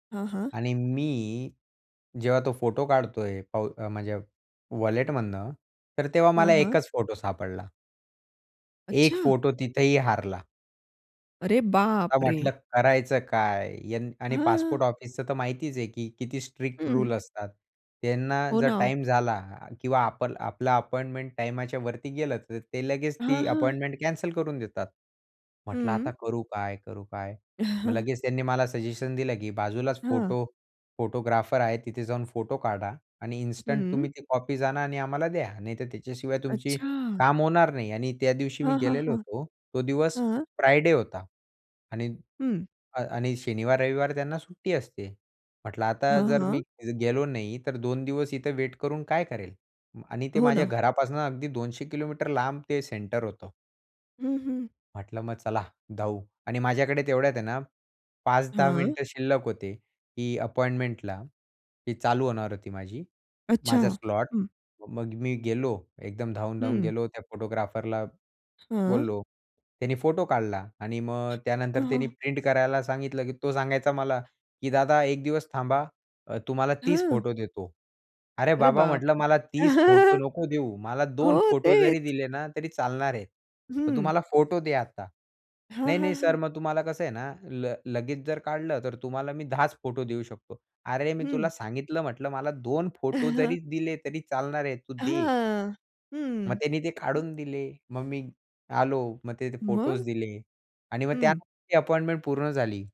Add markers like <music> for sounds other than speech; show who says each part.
Speaker 1: हां, हां.
Speaker 2: आणि मी जेव्हा तो फोटो काढतोय पाउ म्हणजे वॉलेटमधनं, तर तेव्हा
Speaker 1: हां,
Speaker 2: मला
Speaker 1: हां.
Speaker 2: 1च फोटो सापडला. 1
Speaker 1: अच्छा.
Speaker 2: फोटो तिथेही हारला.
Speaker 1: अरे,
Speaker 2: आता
Speaker 1: बापरे!
Speaker 2: म्हटलं करायचं काय? यं आणि
Speaker 1: हां.
Speaker 2: पासपोर्ट ऑफिसचं तर माहितीच आहे, की किती स्ट्रिक्ट
Speaker 1: हं.
Speaker 2: रूल असतात. त्यांना
Speaker 1: हो
Speaker 2: जर
Speaker 1: ना.
Speaker 2: टाईम झाला किंवा आपल आपला अपॉइंटमेंट टाईमाच्यावरती गेलं, तर ते लगेच
Speaker 1: हां,
Speaker 2: ती
Speaker 1: हां.
Speaker 2: अपॉइंटमेंट कॅन्सल करून देतात. म्हटलं
Speaker 1: हं.
Speaker 2: आता करू काय, करू काय? मग
Speaker 1: <chuckles>
Speaker 2: लगेच त्यांनी मला सजेशन दिलं, की बाजूलाच
Speaker 1: हां.
Speaker 2: फोटो फोटोग्राफर आहे. तिथे जाऊन फोटो काढा आणि इन्स्टंट तुम्ही
Speaker 1: हं.
Speaker 2: ती कॉपीज जाणा आणि आम्हाला द्या. नाहीतर त्याच्याशिवाय तुमची
Speaker 1: अच्छा!
Speaker 2: काम होणार नाही आणि त्या दिवशी मी
Speaker 1: हां, हां,
Speaker 2: गेलेलो
Speaker 1: हां.
Speaker 2: होतो. तो दिवस
Speaker 1: हां.
Speaker 2: फ्रायडे होता. आणि
Speaker 1: हं.
Speaker 2: अ, आणि शनिवार, रविवार त्यांना सुट्टी असते. म्हटलं आता
Speaker 1: हां,
Speaker 2: जर
Speaker 1: हां.
Speaker 2: मी गेलो नाही तर 2 दिवस इथे वेट करून काय करेल आणि ते
Speaker 1: हो
Speaker 2: माझ्या
Speaker 1: ना.
Speaker 2: घरापासनं अगदी 200 किलोमीटर लांब ते सेंटर होतं.
Speaker 1: हं, हं.
Speaker 2: म्हटलं मग चला धावू आणि माझ्याकडे तेवढ्यात आहे ना 5-10
Speaker 1: हां.
Speaker 2: मिनिटं शिल्लक होते. ही अपॉइंटमेंटला, ही चालू होणार होती माझी,
Speaker 1: अच्छा.
Speaker 2: माझा स्लॉट.
Speaker 1: हं.
Speaker 2: मग मी गेलो. एकदम धावून धावून
Speaker 1: हं.
Speaker 2: गेलो. त्या फोटोग्राफरला
Speaker 1: हां.
Speaker 2: बोललो. त्याने फोटो काढला आणि मग
Speaker 1: अ
Speaker 2: त्यानंतर त्याने
Speaker 1: हं.
Speaker 2: प्रिंट करायला सांगितलं, की तो सांगायचा मला, की "दादा, 1 दिवस थांबा. अ, तुम्हाला 30
Speaker 1: हं.
Speaker 2: फोटो देतो." अरे
Speaker 1: अरे,
Speaker 2: बाबा, म्हटलं,
Speaker 1: बापरे!
Speaker 2: "मला 30 फोटो
Speaker 1: <chuckles>
Speaker 2: नको देऊ. मला 2
Speaker 1: हो.
Speaker 2: फोटो जरी
Speaker 1: तेच.
Speaker 2: दिले ना तरी चालणार आहे." मग, "तू
Speaker 1: हं.
Speaker 2: मला फोटो दे आता."
Speaker 1: हां,
Speaker 2: "नाही,
Speaker 1: हां,
Speaker 2: नाही सर,
Speaker 1: हां.
Speaker 2: मग तुम्हाला कसं आहे ना ल लगेच जर काढलं तर तुम्हाला मी 10च फोटो देऊ शकतो." अरे मी तुला
Speaker 1: हं.
Speaker 2: सांगितलं, म्हटलं, "मला 2 फोटो जरी
Speaker 1: <chuckles>
Speaker 2: दिले तरी चालणार आहे. तू दे."
Speaker 1: हां.
Speaker 2: मग
Speaker 1: हं.
Speaker 2: त्यांनी ते
Speaker 1: हं.
Speaker 2: काढून दिले. मग मी आलो. मग ते फोटोज
Speaker 1: मग?
Speaker 2: दिले आणि मग
Speaker 1: हं.
Speaker 2: त्यानंतर ती अपॉइंटमेंट पूर्ण झाली.